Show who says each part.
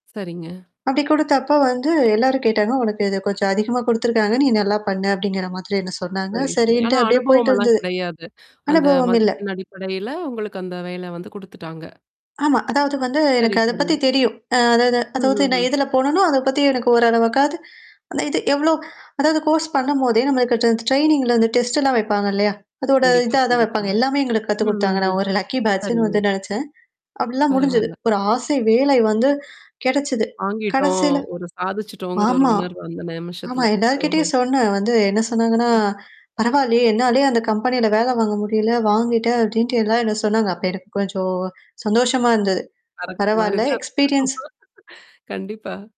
Speaker 1: சரிங்க.
Speaker 2: அப்டி குடுத்தப்ப வந்து எல்லாரும் கேட்டாங்க, உனக்கு இத கொஞ்சம் அதிகமா குடுத்துருக்காங்க. நீ நல்லா பண்ண அப்டிங்கிற மாதிரி என்ன சொன்னாங்க.
Speaker 1: சரி, சரி. ஆனா
Speaker 2: சரின்ட்டு அப்டியே போயிட்டு
Speaker 1: அனுபவம்ல்லாம்
Speaker 2: இருந்தது.
Speaker 1: கிடையாது. அந்த
Speaker 2: அனுபவம் இல்ல.
Speaker 1: மதிப்பெண் அடிப்படையில உங்களுக்கு அந்த வேல வந்து குடுத்துட்டாங்க.
Speaker 2: ஆமா. அதாவது வந்து எனக்கு
Speaker 1: சரி,
Speaker 2: அத
Speaker 1: சரி.
Speaker 2: பத்தி தெரியும். அ அதாவது அதாவது நான்
Speaker 1: ம்ஹ்ம்.
Speaker 2: எதுல போனேனோ, அத பத்தி எனக்கு ஓரளவக்காவது அது அந்த இது எவ்ளோ அதாவது கோர்ஸ் பண்ணும்போதே நம்ளுக்கு கட்ட ட்ரெய்னிங்ல வந்து டெஸ்ட்ட்ல்லாம் வைப்பாங்க இல்லையா? அதோட
Speaker 1: கண்டிப்பா,
Speaker 2: இதா தான் வைப்பாங்க.
Speaker 1: கண்டிப்பா.
Speaker 2: எல்லாமே எங்களுக்கு கத்து குடுத்தாங்க.
Speaker 1: ம்ஹ்ம்.
Speaker 2: நான் ஒரு லக்கி பேட்சுன்னு வந்து
Speaker 1: சரிங்க.
Speaker 2: நெனச்சேன். அப்டிலாம் முடிஞ்சுது.
Speaker 1: பரவால்ல.
Speaker 2: ஒரு ஆசை வேலை வந்து கெடைச்சிது.
Speaker 1: வாங்கிட்டோம்,
Speaker 2: கடைசில
Speaker 1: ஒரு சாதிச்சுட்டோங்கிற ஒரு
Speaker 2: ஆமா.
Speaker 1: உணர்வு அந்த
Speaker 2: ஆமா.
Speaker 1: நிமிஷத்துல. ஓஹோ!
Speaker 2: எல்லார்கிட்டயும் சொன்னேன் வந்து என்ன சொன்னாங்கன்னா,
Speaker 1: ம்ஹ்ம்.
Speaker 2: பரவாயலயே! என்னாலேயே அந்த கம்பெனியில வேல வாங்க முடியல, வாங்கிட்ட அப்டின்ட்டு எல்லாம் என்ன சொன்னாங்க. அப்ப எனக்கு கொஞ்சம் சந்தோஷமா இருந்தது.
Speaker 1: கரெக்ட்
Speaker 2: பரவால்ல
Speaker 1: மாரிதான்.
Speaker 2: எக்ஸ்பீரியன்ஸ்
Speaker 1: கண்டிப்பா.